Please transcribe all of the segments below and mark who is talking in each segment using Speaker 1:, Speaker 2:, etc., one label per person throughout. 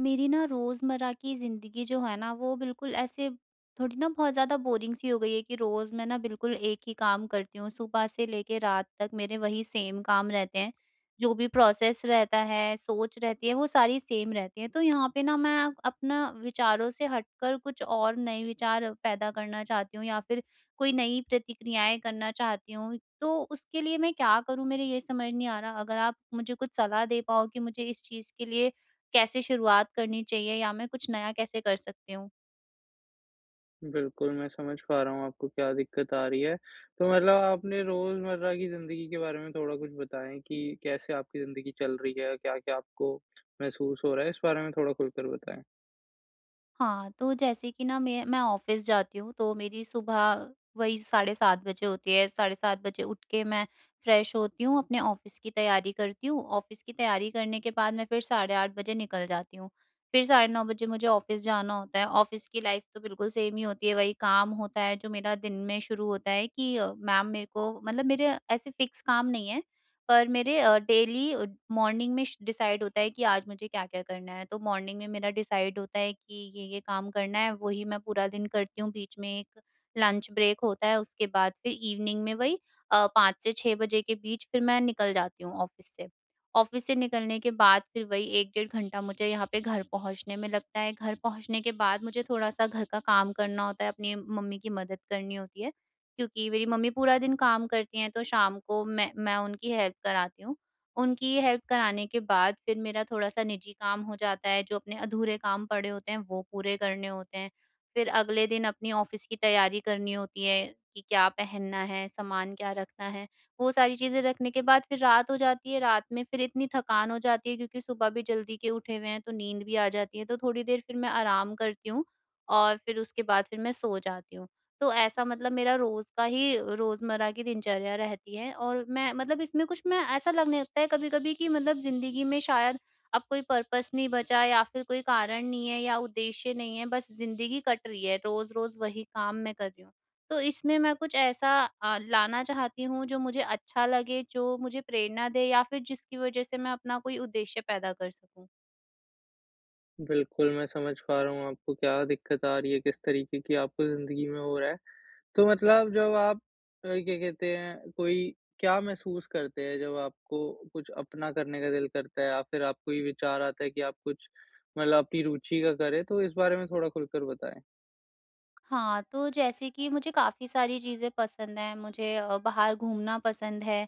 Speaker 1: मेरी ना रोज़मर्रा की ज़िंदगी जो है ना, वो बिल्कुल ऐसे थोड़ी ना बहुत ज़्यादा बोरिंग सी हो गई है कि रोज़ मैं ना बिल्कुल एक ही काम करती हूँ। सुबह से लेके रात तक मेरे वही सेम काम रहते हैं। जो भी प्रोसेस रहता है, सोच रहती है, वो सारी सेम रहती हैं। तो यहाँ पे ना मैं अपना विचारों से हटकर कुछ और नए विचार पैदा करना चाहती हूँ, या फिर कोई नई प्रतिक्रियाएँ करना चाहती हूँ। तो उसके लिए मैं क्या करूँ, मेरे ये समझ नहीं आ रहा। अगर आप मुझे कुछ सलाह दे पाओ कि मुझे इस चीज़ के लिए कैसे शुरुआत करनी चाहिए, या मैं कुछ नया कैसे कर सकती हूँ?
Speaker 2: बिल्कुल, मैं समझ पा रहा हूँ आपको क्या दिक्कत आ रही है। तो मतलब आप अपने रोजमर्रा की ज़िंदगी के बारे में थोड़ा कुछ बताएँ कि कैसे आपकी ज़िंदगी चल रही है, क्या-क्या आपको महसूस हो रहा है? इस बारे में थोड़ा खुलकर बताएँ।
Speaker 1: हाँ, तो जैसे कि ना मैं मैं ऑफ़िस जाती हूँ, तो मेरी सुबह वही साढ़े 7 बजे होती है। साढ़े 7 बजे उठ के मैं फ्रेश होती हूँ, अपने ऑफ़िस की तैयारी करती हूँ, ऑफ़िस की तैयारी करने के बाद मैं फिर साढ़े 8 बजे निकल जाती हूँ। फिर साढ़े 9 बजे मुझे ऑफ़िस जाना होता है, ऑफ़िस की लाइफ़ तो बिल्कुल सेम ही होती है। वही काम होता है जो मेरा दिन में शुरू होता है कि अ, मैम, मेरे को मतलब मेरे ऐसे फ़िक्स काम नहीं है। पर मेरे अ, डेली अ, मॉर्निंग में डिसाइड होता है कि आज मुझे क्या-क्या करना है। तो मॉर्निंग में मेरा डिसाइड होता है कि ये-ये काम करना है, वही मैं पूरा दिन करती हूँ। बीच में एक लंच ब्रेक होता है, उसके बाद फिर इवनिंग में वही अ, 5 से 6 बजे के बीच फिर मैं निकल जाती हूँ ऑफ़िस से। ऑफ़िस से निकलने के बाद फिर वही 1, डेढ़ घंटा मुझे यहाँ पे घर पहुँचने में लगता है। घर पहुँचने के बाद मुझे थोड़ा-सा घर का काम करना होता है, अपनी मम्मी की मदद करनी होती है, क्योंकि मेरी मम्मी पूरा दिन काम करती हैं, तो शाम को मैं मैं उनकी हेल्प कराती हूँ। उनकी हेल्प कराने के बाद फिर मेरा थोड़ा-सा निजी काम हो जाता है, जो अपने अधूरे काम पड़े होते हैं, वो पूरे करने होते हैं। फिर अगले दिन अपनी ऑफ़िस की तैयारी करनी होती है कि क्या पहनना है, सामान क्या रखना है। वो सारी चीज़ें रखने के बाद फिर रात हो जाती है, रात में फिर इतनी थकान हो जाती है क्योंकि सुबह भी जल्दी के उठे हुए हैं, तो नींद भी आ जाती है। तो थोड़ी देर फिर मैं आराम करती हूँ, और फिर उस उसके बाद फिर मैं सो जाती हूँ। तो ऐसा मतलब मेरा रोज़ का ही रोज़मर्रा की दिनचर्या रहती है और मैं मतलब इसमें कुछ मैं ऐसा लगने लगता है कभी-कभी कि मतलब ज़िंदगी में शायद अब कोई पर्पस नहीं बचा या फिर कोई कारण नहीं है या उद्देश्य नहीं है, बस ज़िंदगी कट रही है, रोज़-रोज़ वही काम मैं कर रही हूँ। तो इसमें मैं कुछ ऐसा अ, लाना चाहती हूँ, जो मुझे अच्छा लगे, जो मुझे प्रेरणा दे, या फिर जिसकी वज़ह से मैं अपना कोई उद्देश्य पैदा कर सकूँ।
Speaker 2: बिल्कुल, मैं समझ पा रहा हूँ आपको क्या दिक्कत आ रही है किस तरीके की आपको ज़िंदगी में हो रहा है। तो मतलब जब आप अ, क्या कहते हैं, कोई क्या महसूस करते हैं जब आपको कुछ अपना करने का दिल करता है? या फ़िर आपको ये विचार आता है कि आप कुछ मतलब अपनी रुचि का करें। तो इस बारे में थोड़ा खुलकर बताएँ?
Speaker 1: हाँ, तो जैसे कि मुझे काफ़ी सारी चीज़ें पसंद हैं। मुझे अ, बाहर घूमना पसंद है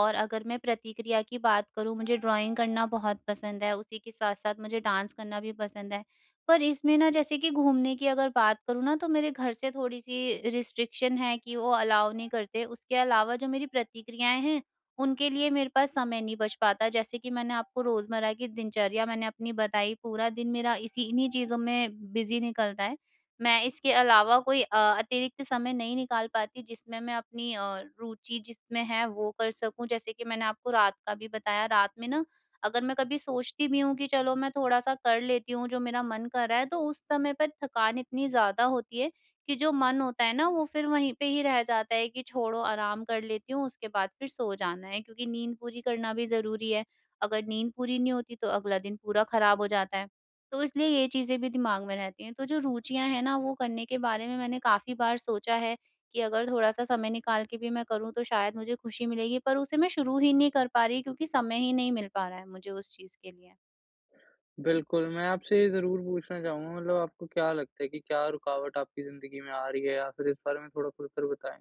Speaker 1: और अगर मैं प्रतिक्रिया की बात करूँ मुझे ड्राइंग करना बहुत पसंद है। उसी के साथ-साथ मुझे डांस करना भी पसंद है। पर इसमें ना जैसे कि घूमने की अगर बात करूँ ना तो मेरे घर से थोड़ी-सी रिस्ट्रिक्शन है कि वो अलाउ नहीं करते। उसके अलावा जो मेरी प्रतिक्रियाएँ हैं, उनके लिए मेरे पास समय नहीं बच पाता जैसे कि मैंने आपको रोज़मर्रा की दिनचर्या मैंने अपनी बताई, पूरा दिन मेरा इसी इन्हीं चीज़ों में बिज़ी निकलता है। मैं इसके अलावा कोई अ, अतिरिक्त समय नहीं निकाल पाती जिसमें मैं अपनी अ, रुचि जिसमें है वो कर सकूँ। जैसे कि मैंने आपको रात का भी बताया, रात में ना अगर मैं कभी सोचती भी हूँ कि चलो मैं थोड़ा-सा कर लेती हूँ जो मेरा मन कर रहा है। तो उस समय पर थकान इतनी ज़्यादा होती है कि जो मन होता है ना, वो फ़िर वहीं पे ही रह जाता है कि छोड़ो आराम कर लेती हूँ, उसके बाद फ़िर सो जाना है। क्योंकि नींद पूरी करना भी ज़रूरी है, अगर नींद पूरी नहीं होती तो अगला दिन पूरा ख़राब हो जाता है, तो इसलिए ये चीज़ें भी दिमाग में रहती हैं। तो जो रुचियाँ हैं ना वो करने के बारे में मैंने काफ़ी बार सोचा है कि अगर थोड़ा-सा समय निकाल के भी मैं करूँ तो शायद मुझे ख़ुशी मिलेगी। पर उसे मैं शुरू ही नहीं कर पा रही क्योंकि समय ही नहीं मिल पा रहा है मुझे उस चीज़ के लिए।
Speaker 2: बिल्कुल, मैं आपसे ये ज़रूर पूछना चाहूँगा, मतलब आपको क्या लगता है कि क्या रुकावट आपकी ज़िंदगी में आ रही है, या फिर इस बारे में थोड़ा खुलकर बताएँ?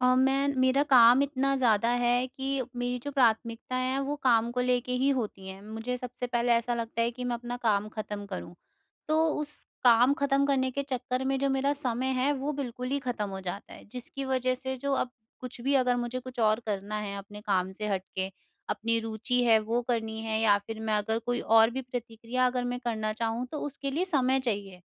Speaker 1: अ, मैं मेरा काम इतना ज़्यादा है कि मेरी जो प्राथमिकताएँ हैं, वो काम को लेके ही होती हैं। मुझे सबसे पहले ऐसा लगता है कि मैं अपना काम ख़त्म करूँ। तो उस काम ख़त्म करने के चक्कर में जो मेरा समय है, वो बिल्कुल ही ख़त्म हो जाता है, जिसकी वजह से जो अब कुछ भी अगर मुझे कुछ और करना है अपने काम से हट के, अपनी रुचि है वो करनी है, या फिर मैं अगर कोई और भी प्रतिक्रिया अगर मैं करना चाहूँ, तो उसके लिए समय चाहिए।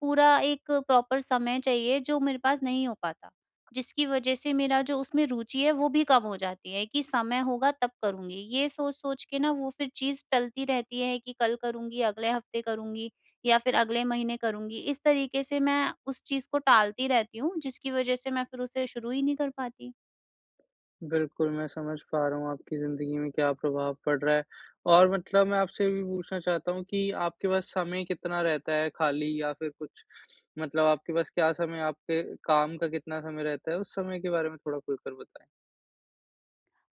Speaker 1: पूरा एक प्रॉपर समय चाहिए जो मेरे पास नहीं हो पाता, जिसकी वज़ह से मेरा जो उसमें रुचि है, वो भी कम हो जाती है कि समय होगा तब करूँगी। ये सोच-सोच के ना वो फिर चीज़ टलती रहती है कि कल करुँगी, अगले हफ्ते करूँगी, या फिर अगले महीने करूँगी। इस तरीके से मैं उस चीज़ को टालती रहती हूँ, जिसकी वज़ह से मैं फिर उसे शुरू ही नहीं कर पाती।
Speaker 2: बिल्कुल, मैं समझ पा रहा हूँ आपकी ज़िंदगी में क्या प्रभाव पड़ रहा है। और मतलब मैं आपसे ये भी पूछना चाहता हूँ कि आपके पास समय कितना रहता है खाली या फिर कुछ? मतलब आपके पास क्या समय आपके काम का कितना समय रहता है, उस समय के बारे में थोड़ा खुल कर बताएँ।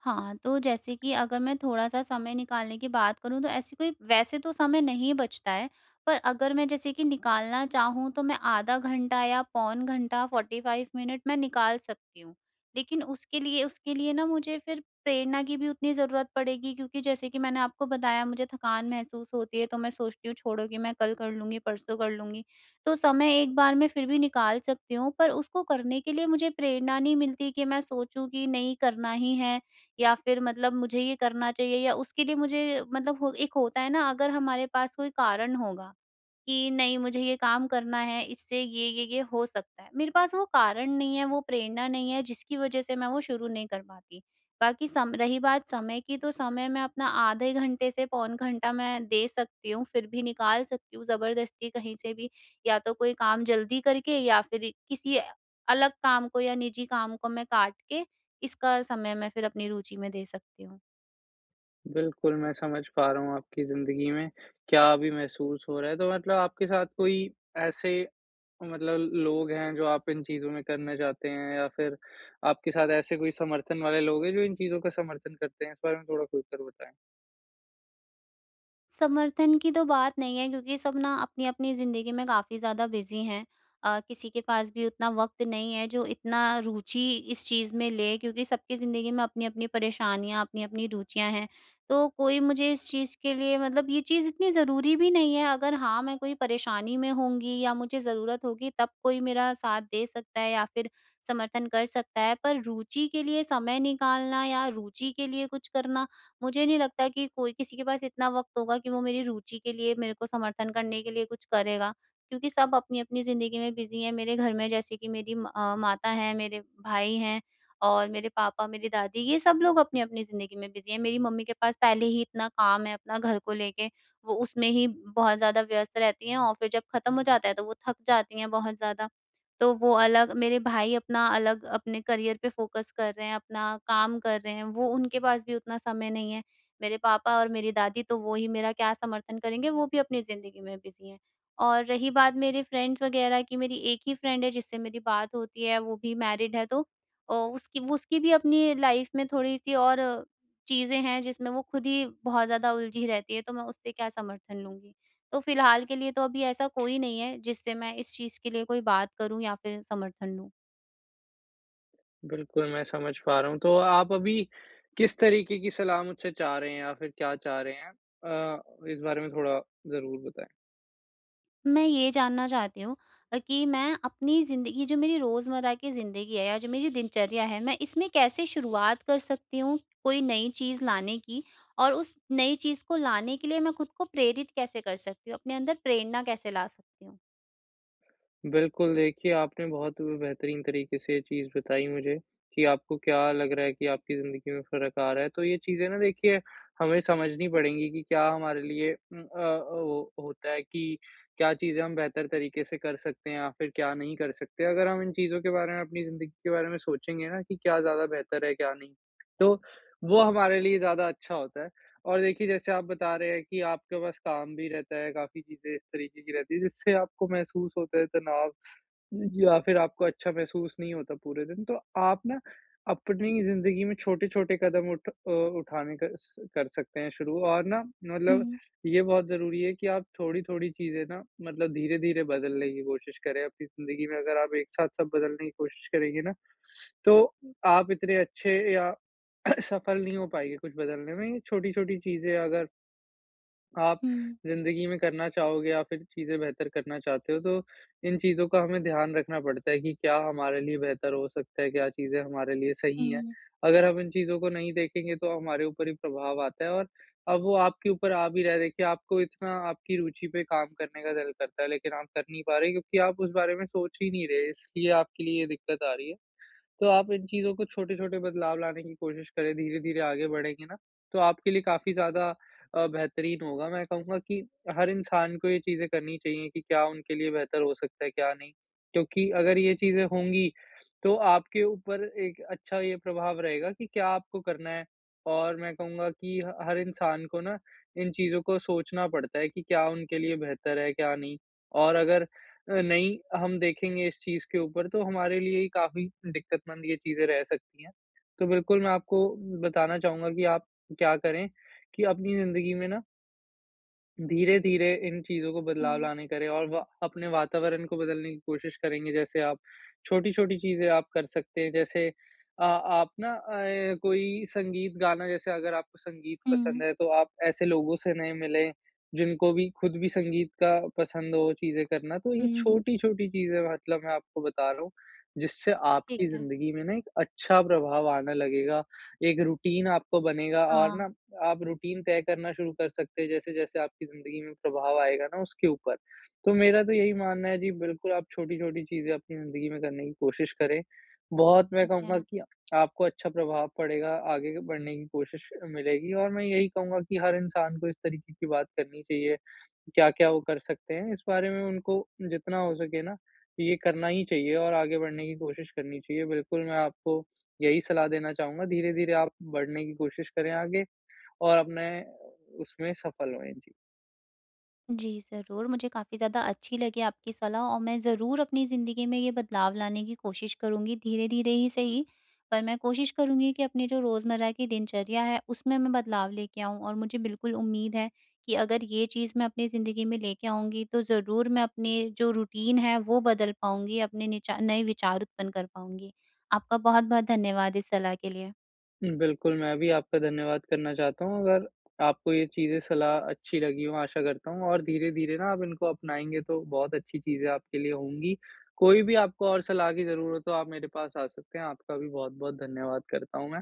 Speaker 1: हाँ, तो जैसे कि अगर मैं थोड़ा-सा समय निकालने की बात करूँ, तो ऐसी कोई वैसे तो समय नहीं बचता है, पर अगर मैं जैसे कि निकालना चाहूँ, तो मैं आधा घंटा या पौन घंटा, 45 मिनट मैं निकाल सकती हूँ। लेकिन उसके लिए उसके लिए ना मुझे फिर प्रेरणा की भी उतनी ज़रूरत पड़ेगी क्योंकि जैसे कि मैंने आपको बताया, मुझे थकान महसूस होती है, तो मैं सोचती हूँ छोड़ो कि मैं कल कर लूँगी, परसों कर लूँगी। तो समय एक बार मैं फिर भी निकाल सकती हूँ, पर उसको करने के लिए मुझे प्रेरणा नहीं मिलती कि मैं सोचूँ कि नहीं, करना ही है, या फिर मतलब मुझे ये करना चाहिए, या उसके लिए मुझे मतलब हो एक होता है ना, अगर हमारे पास कोई कारण होगा कि नहीं, मुझे ये काम करना है, इससे ये-ये, ये हो सकता है। मेरे पास वो कारण नहीं है, वो प्रेरणा नहीं है, जिसकी वज़ह से मैं वो शुरू नहीं कर पाती। बाकी सम रही बात समय की, तो समय मैं अपना आधे घंटे से पौन घंटा मैं दे सकती हूँ, फिर भी निकाल सकती हूँ ज़बरदस्ती कहीं से भी, या तो कोई काम जल्दी करके, या फिर इ किसी ऐ अलग काम को या निजी काम को मैं काट के, इसका समय मैं फिर अपनी रूचि में दे सकती हूँ।
Speaker 2: बिल्कुल, मैं समझ पा रहा हूँ आपकी जिंदगी में क्या अभी महसूस हो रहा है तो मतलब आपके साथ कोई ऐसे मतलब लोग हैं, जो आप इन चीज़ों में करना चाहते हैं? या फिर आपके साथ ऐसे कोई समर्थन वाले लोग है जो इन चीज़ों का समर्थन करते हैं? इस बारे में थोड़ा खुलकर बताएँ।
Speaker 1: समर्थन की तो बात नहीं है क्योंकि सब ना अपनी-अपनी ज़िंदगी में काफ़ी ज़्यादा बिज़ी हैं। अ, किसी के पास भी उतना वक़्त नहीं है जो इतना रुचि इस चीज़ में लें क्योंकि सबकी ज़िंदगी में अपनी-अपनी परेशानियाँ, अपनी-अपनी रुचियाँ हैं। तो कोई मुझे इस चीज़ के लिए मतलब ये चीज़ इतनी ज़रूरी भी नहीं है अगर हाँ, मैं कोई परेशानी में होंगी या मुझे ज़रूरत होगी तब कोई मेरा साथ दे सकता है या फिर समर्थन कर सकता है, पर रुचि के लिए समय निकालना या रुचि के लिए कुछ करना मुझे नहीं लगता कि कोई किसी के पास इतना वक़्त होगा कि वो मेरी रुचि के लिए मेरे को समर्थन करने के लिए कुछ करेगा। क्योंकि सब अपनी-अपनी ज़िंदगी में बिज़ी हैं, मेरे घर में जैसे कि मेरी म अ, माता हैं, मेरे भाई हैं और मेरे पापा, मेरी दादी ये सब लोग अपनी-अपनी ज़िंदगी में बिज़ी हैं। मेरी मम्मी के पास पहले ही इतना काम है अपना घर को लेके वो उसमें ही बहुत ज़्यादा व्यस्त रहती हैं और फिर जब ख़त्म हो जाता है तो वो थक जाती हैं बहुत ज़्यादा, तो वो अलग, मेरे भाई अपना अलग अपने करियर पे फ़ोकस कर रहे हैं। अपना काम कर रहे हैं वो उनके पास भी उतना समय नहीं है, मेरे पापा और मेरी दादी तो वो ही मेरा क्या समर्थन करेंगे वो भी अपनी ज़िंदगी में बिज़ी हैं। और रही बात मेरे फ्रेंड्स वग़ैरह की मेरी एक ही फ्रेंड है जिससे मेरी बात होती है, वो भी मैरिड है तो अ, उसकी उसकी भी अपनी लाइफ़ में थोड़ी-सी और चीज़ें हैं जिसमें वो खुद ही बहुत ज़्यादा उलझी रहती है तो मैं उससे क्या समर्थन लूँगी? तो फिलहाल के लिए तो अभी ऐसा कोई नहीं है, जिससे मैं इस चीज़ के लिए कोई बात करूँ या फिर समर्थन लूँ।
Speaker 2: बिल्कुल, मैं समझ पा रहा हूँ तो आप अभी किस तरीके की सलाह मुझसे चाह रहे हैं या फिर क्या चाह रहे हैं? अ, इस बारे में थोड़ा ज़रूर बताएँ।
Speaker 1: मैं ये जानना चाहती हूँ अ, कि मैं अपनी ज़िंदगी जो मेरी रोजमर्रा की ज़िंदगी है या जो मेरी दिनचर्या है, मैं इसमें कैसे शुरुआत कर सकती हूँ, कोई नई चीज़ लाने की? और उस नई चीज़ को लाने के लिए मैं खुद को प्रेरित कैसे कर सकती हूँ, अपने अंदर प्रेरणा कैसे ला सकती हुँ?
Speaker 2: बिल्कुल, देखिए आपने बहुत ब बेहतरीन तरीके से ये चीज़ बताई मुझे कि आपको क्या लग रहा है कि आपकी ज़िन्दगी में फ़र्क आ रहा है, तो ये चीज़ें ना देखिए हमें समझनी पड़ेंगी कि क्या हमारे लिए उम, अ अ, वो होता है कि क्या चीज़ें हम बेहतर तरीके से कर सकते हैं या फिर क्या नहीं कर सकते। अगर हम इन चीज़ों के बारे में, अपनी ज़िन्दगी के बारे में सोचेंगे ना कि क्या ज़्यादा बेहतर है क्या नहीं, तो वो हमारे लिए ज़्यादा अच्छा होता है। और देखिए जैसे आप बता रहे हैं कि आपके पास काम भी रहता है, काफ़ी चीज़ें इस तरीके की रहती है जिससे आपको महसूस होता है तनाव अ, या फिर आपको अच्छा महसूस नहीं होता पूरे दिन, तो आप ना अपनी ज़िन्दगी में छोटे-छोटे कदम उठ अ, उठाने का स कर सकते हैं शुरू और ना मतलब
Speaker 1: हुँ।
Speaker 2: ये बहुत ज़रूरी है कि आप थोड़ी-थोड़ी चीज़ें ना मतलब धीरे-धीरे बदलने की कोशिश करें अपनी ज़िन्दगी में। अगर आप एक साथ सब बदलने की कोशिश करेंगे ना तो आप इतने अच्छे या सफल नहीं हो पाएँगे कुछ बदलने में छोटी-छोटी चीज़ें अगर आप
Speaker 1: हुँ।
Speaker 2: ज़िन्दगी में करना चाहोगे या फिर चीज़ें बेहतर करना चाहते हो तो इन चीज़ों का हमें ध्यान रखना पड़ता है कि क्या हमारे लिए बेहतर हो सकता है, क्या चीज़ें हमारे लिए सही है।
Speaker 1: हुँ।
Speaker 2: अगर हम इन चीज़ों को नहीं देखेंगे तो हमारे ऊपर ही प्रभाव आता है और अब वो आपके ऊपर आ भी रहा हैं, देखिए आपको इतना आपकी रुचि पे काम करने का दिल करता है लेकिन आप कर नहीं पा रहे क्योंकि आप उस बारे में सोच ही नहीं रहे, इसलिए आपके लिए ये दिक्कत आ रही है। तो आप इन चीज़ों को छोटे-छोटे बदलाव लाने की कोशिश करें, धीरे-धीरे आगे बढ़ेंगे ना तो आपके लिए काफ़ी ज़्यादा अ, बेहतरीन होगा मैं कहूँगा कि हर इंसान को ये चीज़ें करनी चाहिए कि क्या उनके लिए बेहतर हो सकता है क्या नहीं, क्योंकि अगर ये चीज़ें होंगी तो आपके ऊपर एक अच्छा ये प्रभाव रहेगा कि क्या आपको करना है और मैं कहूँगा कि ह हर इंसान को ना इन चीज़ों को सोचना पड़ता है कि क्या उनके लिए बेहतर है क्या नहीं। और अगर अ, नहीं हम देखेंगे इस चीज़ के ऊपर तो हमारे लिए ही काफ़ी दिक्कत मंद ये चीज़ें रह सकती है। तो बिल्कुल मैं आपको बताना चाहूँगा कि आप क्या करें कि अपनी ज़िंदगी में ना धीरे-धीरे इन चीज़ों को बदलाव
Speaker 1: हुँ।
Speaker 2: लाने करें और वा अपने वातावरण को बदलने की कोशिश करेंगे जैसे आप छोटी-छोटी चीज़ें आप कर सकते हैं। जैसे अ, आप ना ऐ कोई संगीत गाना जैसे अगर आपको संगीत पसंद
Speaker 1: हुँ।
Speaker 2: है, तो आप ऐसे लोगों से नए मिलें जिनको भी ख़ुद भी संगीत का पसंद हो चीज़े करना। तो ये
Speaker 1: हुँ, हुँ।
Speaker 2: छोटी-छोटी चीज़ें मतलब मैं आपको बता रहा हूँ जिससे
Speaker 1: ठीक
Speaker 2: आपकी
Speaker 1: है।
Speaker 2: जिंदगी में ना एक अच्छा प्रभाव आने लगेगा। एक रूटीन आपका बनेगा और
Speaker 1: हाँ।
Speaker 2: ना आप रूटीन तय करना शुरू कर सकते हैं जैसे-जैसे आपकी ज़िंदगी में प्रभाव आएगा ना उसके ऊपर। तो मेरा तो यही मानना है। जी, बिल्कुल, आप छोटी-छोटी चीज़े अपनी ज़िंदगी में करने की कोशिश करें। बहुत मैं
Speaker 1: ठीक
Speaker 2: कहूँगा
Speaker 1: है।
Speaker 2: की आपको अच्छा प्रभाव पड़ेगा आगे बढ़ने की कोशिश मिलेगी और मैं यही कहूँगा कि हर इंसान को इस तरीके की बात करनी चाहिए क्या-क्या वो कर सकते हैं। इस बारे में उनको जितना हो सके ना ये करना ही चाहिए और आगे बढ़ने की कोशिश करनी चाहिए। बिल्कुल मैं आपको यही सलाह देना चाहूँगा धीरे-धीरे आप बढ़ने की कोशिश करे आगे और अपने उसमें सफ़ल हुए। जी।
Speaker 1: जी। ज़रूर मुझे काफ़ी ज़्यादा अच्छी लगी आपकी सलाह और मैं ज़रूर अपनी ज़िंदगी में ये बदलाव लाने की कोशिश करूँगी। धीरे-धीरे ही सही पर मैं कोशिश करूँगी कि अपनी जो रोज़मर्रा की दिनचर्या है उसमें मैं बदलाव लेके आऊँ और मुझे बिल्कुल उम्मीद है कि अगर ये चीज़ मैं अपनी ज़िंदगी में लेके आऊँगी तो ज़रूर मैं अपने जो रूटीन है वो बदल पाऊँगी अपने निचा नए विचार उत्पन्न कर पाऊँगी। आपका बहुत-बहुत धन्यवाद इस सलाह के लिए।
Speaker 2: बिल्कुल, मैं भी आपका धन्यवाद करना चाहता हूँ। अगर आपको ये चीज़े सलाह अच्छी लगी हों आशा करता हूँ और धीरे-धीरे ना आप इनको अपनाएँगे तो बहुत अच्छी चीज़े आपके लिए होंगी। कोई भी आपको और सलाह की ज़रूरत हो आप मेरे पास आ सकते हैं। आपका भी बहुत-बहुत धन्यवाद करता हूँ मैं।